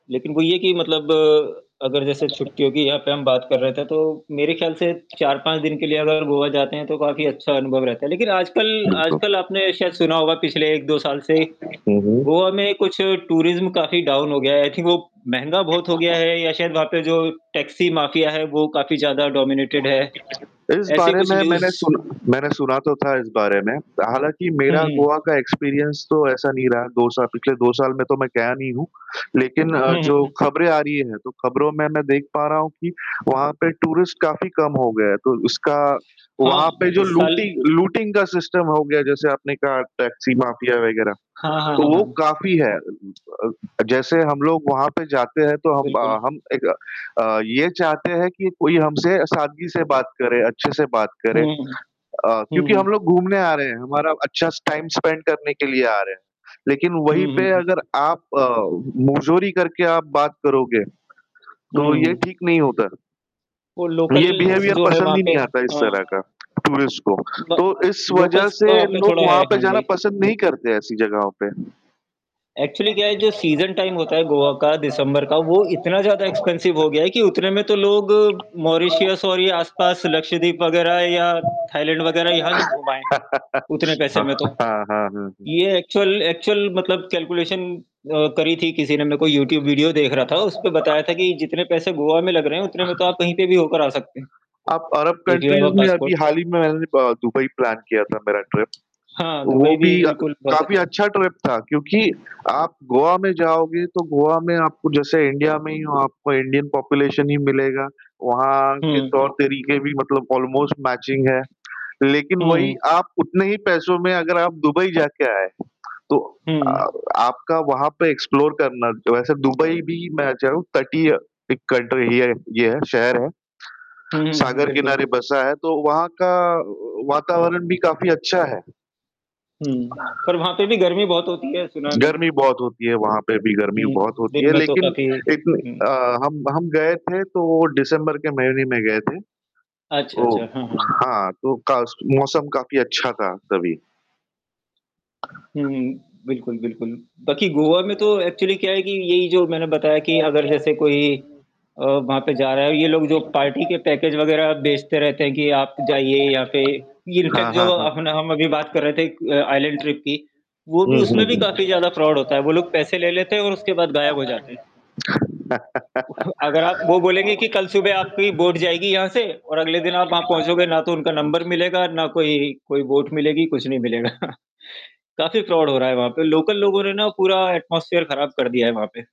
लेकिन वो ये कि मतलब अगर जैसे छुट्टियों की यहाँ पे हम बात कर रहे थे, तो मेरे ख़्याल से 4-5 दिन के लिए अगर गोवा जाते हैं, तो काफ़ी अच्छा अनुभव रहता है। लेकिन आजकल बिल्कुल। आजकल आपने शायद सुना होगा पिछले 1-2 साल से, हुँ, हुँ। गोवा में कुछ टूरिज़्म काफ़ी डाउन हो गया है। आई थिंक वो महँगा बहुत हो गया है या शायद वहाँ पे जो टैक्सी माफिया है, वो काफ़ी ज़्यादा डॉमिनेटेड है। इस ऐसे बारे कुछ में न्यूज़ मैंने सुन मैंने सुना तो था इस बारे में, हालाँकि हुँ, मेरा हुँ। गोवा का एक्सपीरियंस तो ऐसा नहीं रहा, 2 सा पिछले 2 साल में तो मैं गया नहीं हूँ। लेकिन हुँ, हुँ, जो हुँ। खबरें आ रही हैं, तो खबरों में मैं देख पा रहा हूँ कि, वहाँ पे टूरिस्ट काफ़ी कम हो गए हैं, तो उसका हाँ, वहाँ पे जो इस साल लूटि लूटिंग का सिस्टम हो गया है, जैसे आपने कहा टैक्सी माफिया वग़ैरह, हाँ, हाँ, तो हाँ, हाँ, वो हाँ। काफ़ी है। अ, इ अ अ, जैसे हम लोग वहाँ पे जाते हैं, तो हम अ, बिल्कुल। हम एक अ, ये चाहते हैं कि कोई हमसे सादगी से बात करे, अच्छे-से बात करे हुँ, हुँ। अ, हुँ, क्योंकि हम हुँ। लोग घूमने आ रहे हैं, हमारा अच्छा स टाइम स्पेंड करने के लिए आ रहे हैं। लेकिन वही हुँ, हुँ, पे हुँ। अगर आप मुँहज़ोरी करके आप बात करोगे, हुँ, तो ये हुँ। ठीक नहीं होता। वो ये लोकल्स बिहेवियर जो है पसंद वहाँ ही पे नहीं आता है इस हाँ। तरह का, टूरिस्ट को, ब तो इस वज़ह लोकल्स से का वहाँ पे लोग थोड़ा है, वहाँ पे हाँ जाना जी। पसंद नहीं करते ऐसी जगहों पे। एक्चुअली क्या है जो सीज़न टाइम होता है गोआ का दिसंबर का, वो इतना ज़्यादा एक्सपेंसिव हो गया है, कि उतने में तो लोग मॉरिशियस और ये आस-पास लक्षद्वीप वग़ैरह या थाईलैंड वग़ैरह यहाँ से घूम आए, उतने पैसे में हाँ, तो। हाँ, हाँ, हाँ, हाँ। ये एक्चुअल एक्चुअल मतलब कैलकुलेशन अ, करी थी किसी ने मैं कोई यूट्यूब वीडियो देख रहा था, उसमें बताया था कि जितने पैसे गोआ में लग रहे हैं, अ, उतने में तो आप कहीं पे भी होकर आ सकते हैं। आप Arab if you have countries अ में अभी पासपोर्ट। हाल ही में मैंने ब दुबई प्लान किया था मेरा ट्रिप, हाँ, दुबई वो भी भी अ, बिल्कुल बहुत काफ़ी अच्छा अच्छा ट्रिप था क्योंकि, आप गोआ में जाओगे, तो गोआ में आपको जैसे इंडिया में ही हो, आपको इंडियन पॉपुलेशन ही मिलेगा, वहाँ के हुँ। तौर-तरीके भी मतलब ऑलमोस्ट मैचिंग है। लेकिन हुँ, वही हुँ। आप उतने ही पैसों में अगर आप दुबई जा के आए, तो हुँ, अ, हुँ। आपका वहाँ पे एक्सप्लोर करना जो वैसे दुबई भी मैं जाऊँ ताकि अ, एक कल्टर एरिया है ये है, शहर है। हुँ, हुँ, सागर बिल्कुल। किनारे बसा है, तो वहाँ का व वातावरण भी काफ़ी अच्छा है। हुँ, पर वहाँ पे भी गर्मी बहुत होती है, सुना है मैंने। गर्मी बहुत होती है, वहाँ पे भी गर्मी हुँ, बहुत होती दिन है, में तो लेकिन काफ़ी इतनी अ, हुँ। हम हम गए थे तो वो डिसेंबर के महीने में गए थे। अच्छा, ओह! अच्छा, हाँ, हाँ। हाँ तो का मौसम काफ़ी अच्छा था तभी। हुँ, हुँ, बिल्कुल, बिल्कुल। बाकि हाँ, गोवा में तो एक्चुअली क्या है कि, यही जो मैंने बताया कि अगर जैसे कोई अ, वहाँ पे जा रहा है ये लोग जो पार्टी के पैकेज वग़ैरह बेचते रहते हैं कि आप जाइए यहाँ पे इनफ़ैक्ट जो हाँ, हाँ। अपना हम अभी बात कर रहे थे, एक आइसलैंड ट्रिप की, वो भी हुँ, हुँ, उसमें भी काफ़ी ज़्यादा फ्रॉड होता है। वो लोग पैसे ले लेते हैं और उसके बाद गायब हो जाते हैं। अगर आप वो बोलेंगे कि कल सुबह आपकी बोट जाएगी यहाँ से और अगले दिन आप वहाँ हुँ। पहुँचोगे, ना तो उनका नंबर मिलेगा ना कोई कोई बोट मिलेगी, कुछ नहीं मिलेगा। काफ़ी फ्रॉड हो रहा है वहाँ पे, लोकल लोगों ने ना पूरा एटमॉस्फियर खराब कर दिया है वहाँ पे।